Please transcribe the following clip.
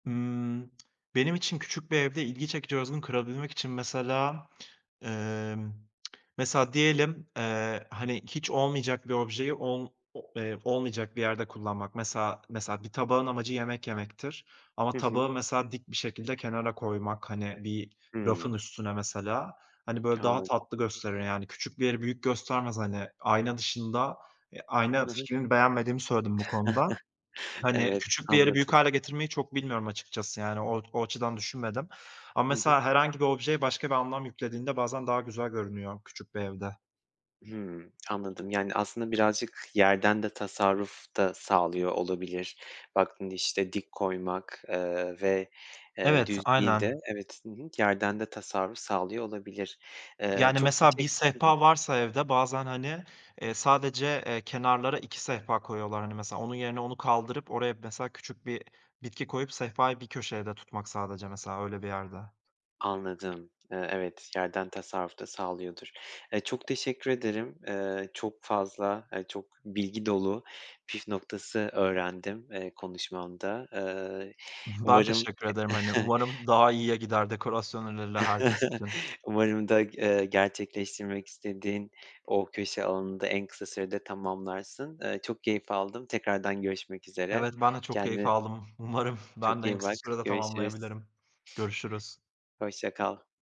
Imm, benim için küçük bir evde ilgi çekici, özgün kırabilmek için mesela, ımm, mesela diyelim, eee, hani, hiç olmayacak bir objeyi ol o eee, olmayacak bir yerde kullanmak. Mesela mesela bir tabağın amacı yemek yemektir. Hı Ama hı. tabağı mesela dik bir şekilde kenara koymak, hani, bir Hıı. rafın üstüne mesela, hani, böyle, daha Anladım. tatlı gösterir. Yani küçük bir yeri büyük göstermez, hani, ayna dışında. Eee, ayna Hı hı. fikrini beğenmediğimi söyledim bu konuda. Hani, Evet, küçük bir yeri büyük anladım. hâle getirmeyi çok bilmiyorum açıkçası. Yani, o o açıdan düşünmedim ama Hı hı. mesela herhangi bir objeye başka bir anlam yüklediğinde bazen daha güzel görünüyor küçük bir evde. Hımm, anladım. Yani, aslında birazcık yerden de tasarruf da sağlıyor olabilir. Baktın, işte, dik koymak, eee, ve, eee, Evet, düz değil de aynen. Evet, hı hı. Yerden de tasarruf sağlıyor olabilir. Eee, Yani çok mesela bir teşek Hı hı. sehpa varsa evde bazen, hani, eee, sadece, eee, kenarlara 2 sehpa koyuyorlar hani. Mesela onun yerine, onu kaldırıp oraya, mesela, küçük bir bitki koyup sehpayı bir köşede tutmak sadece mesela öyle bir yerde. Anladım, eee, evet yerden tasarruf da sağlıyordur. Eee, çok teşekkür ederim. Eee, çok fazla ay, çok bilgi dolu püf noktası öğrendim, eee, konuşmanda. Iıı, Ben umarım ya teşekkür ederim, hani, umarım daha iyiye gider dekorasyon önerileri herkes için. Umarım da, ııı, gerçekleştirmek istediğin o köşe alanını da en kısa sürede tamamlarsın. Eee, çok keyif aldım tekrardan görüşmek üzere Evet, ben de çok keyif kendine aldım. Umarım, ben çok de en iyi kısa bak, sürede görüşürüz. tamamlayabilirim. Görüşürüz. Hoşça kal.